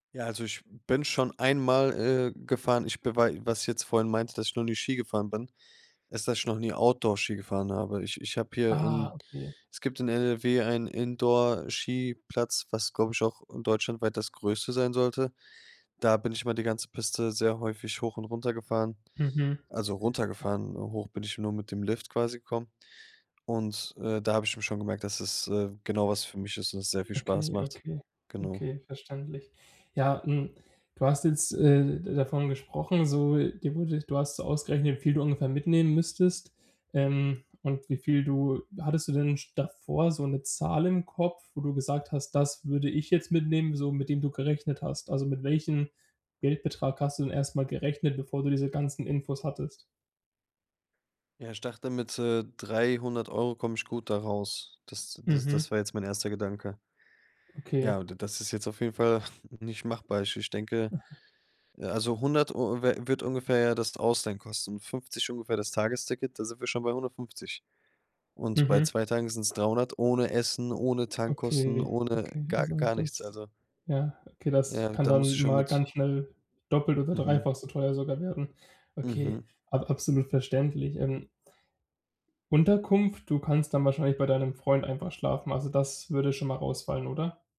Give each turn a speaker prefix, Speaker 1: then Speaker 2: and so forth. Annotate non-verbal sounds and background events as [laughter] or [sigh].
Speaker 1: Ja, also ich bin schon 1 mal, äh, gefahren, ich bewei was ich jetzt vorhin meinte, dass ich noch nie Ski gefahren bin, ist, dass ich noch nie Outdoor-Ski gefahren habe. Ich ich hab hier
Speaker 2: Ah,
Speaker 1: in
Speaker 2: okay.
Speaker 1: es gibt in NRW einen Indoorskiplatz, was, glaub ich, auch deutschlandweit das Größte sein sollte. Da bin ich mal die ganze Piste sehr häufig hoch und runter gefahren,
Speaker 2: Mhm.
Speaker 1: also runtergefahren. Hoch bin ich nur mit dem Lift quasi gekommen und, äh, da hab ich eben schon gemerkt, dass es, äh, genau was für mich ist und es sehr viel Spaß
Speaker 2: Okay,
Speaker 1: macht,
Speaker 2: okay,
Speaker 1: genau.
Speaker 2: okay, verständlich. Ja, hm, du hast jetzt, äh, davon gesprochen, so,, [unintelligible] du hast so ausgerechnet, wie viel du ungefähr mitnehmen müsstest, ähm, und wie viel du hattest du denn sch davor so 'ne Zahl im Kopf, wo du gesagt hast: „Das würde ich jetzt mitnehmen“, so mit dem du gerechnet hast? Also, mit welchen Geldbetrag hast du denn erst mal gerechnet, bevor du diese ganzen Infos hattest?
Speaker 1: Ja, ich dachte, mit, äh, 300 € komme ich gut da raus. Das das das
Speaker 2: Mhm.
Speaker 1: war jetzt mein 1. Gedanke.
Speaker 2: Okay.
Speaker 1: Ja, d das ist jetzt auf jeden Fall [chuckles] nicht machbar. Ich ich denke,
Speaker 2: Aha.
Speaker 1: äh, also 100 Eu wird ungefähr ja das Ausleihen kosten. 50 ungefähr das Tagesticket, da sind wir schon bei 150. Und bei
Speaker 2: Mhm.
Speaker 1: 2 Tagen sind's 300 ohne Essen, ohne Tankkosten,
Speaker 2: Okay,
Speaker 1: ohne
Speaker 2: okay,
Speaker 1: gar
Speaker 2: also
Speaker 1: gar nichts.
Speaker 2: das
Speaker 1: Also
Speaker 2: ja, okay, das
Speaker 1: Ja,
Speaker 2: kann
Speaker 1: da muss
Speaker 2: dann
Speaker 1: ich schon
Speaker 2: mal
Speaker 1: mit
Speaker 2: ganz schnell doppelt oder
Speaker 1: Mhm.
Speaker 2: dreifach so teuer sogar werden. Okay,
Speaker 1: Mhm.
Speaker 2: ab absolut verständlich, ähm Unterkunft: Du kannst dann wahrscheinlich bei deinem Freund einfach schlafen, also das würde schon mal rausfallen, oder?